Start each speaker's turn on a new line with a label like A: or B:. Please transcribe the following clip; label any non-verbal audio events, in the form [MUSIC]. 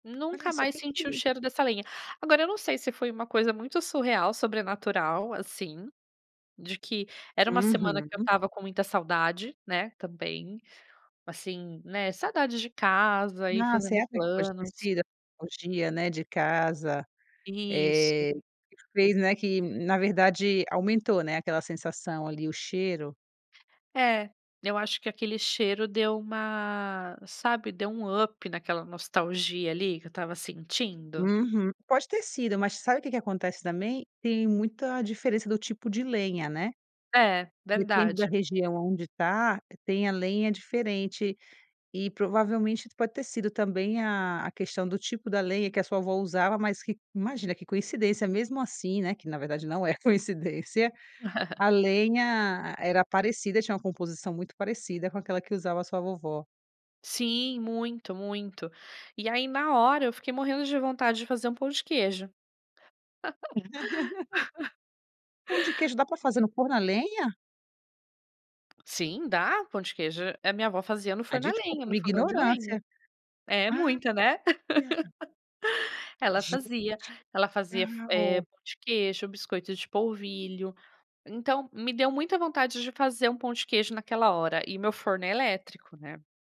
A: Olha
B: Nunca
A: so,
B: mais
A: que
B: senti o
A: que
B: cheiro dessa lenha. Agora eu não sei, se foi uma coisa muito surreal, sobrenatural, assim, de que era uma semana, que eu
A: Uhum.
B: estava com muita saudade, né, também, assim, né, saudade de casa e
A: Nossa,
B: fazendo
A: será
B: planos.
A: que, [UNINTELLIGIBLE] né, de casa,
B: Isso.
A: eh, fez, né, que na verdade aumentou, né, aquela sensação ali, o cheiro.
B: É, eu acho que, aquele cheiro deu uma, sabe, deu um up naquela nostalgia ali, que eu estava sentindo?
A: Uhum. Pode ter sido, mas sabe, o que que acontece, também, tem muita diferença do tipo de lenha, né,
B: É,
A: depende da
B: verdade.
A: região aonde tá, tem a lenha diferente, e provavelmente, pode ter sido também a a questão, do tipo da lenha, que a sua avó usava. Mas que imagina, que coincidência mesmo, assim, né, que, na verdade, não é coincidência,
B: [CHUCKLES]
A: a lenha era parecida, tinha uma composição, muito parecida com aquela que usava a sua vovó.
B: Sim, muito, muito. E aí, na hora, eu fiquei morrendo de vontade, de fazer um pão de queijo.
A: [CHUCKLES] Pão de
B: [LAUGHS]
A: queijo, dá pra fazer no forno na lenha?
B: Sim, dá, pão de queijo, a minha avó fazia no
A: Ah,
B: forno a lenha,
A: desculpa,
B: no
A: minha
B: fogão de lenha.
A: ignorância,
B: É muita, né,
A: olha
B: [CHUCKLES] ela
A: Gente,
B: fazia, ela fazia f eh,
A: legal.
B: pão de queijo, biscoito de polvilho. Então, me deu muita vontade, de fazer um pão de queijo naquela hora, e meu forno é elétrico, né?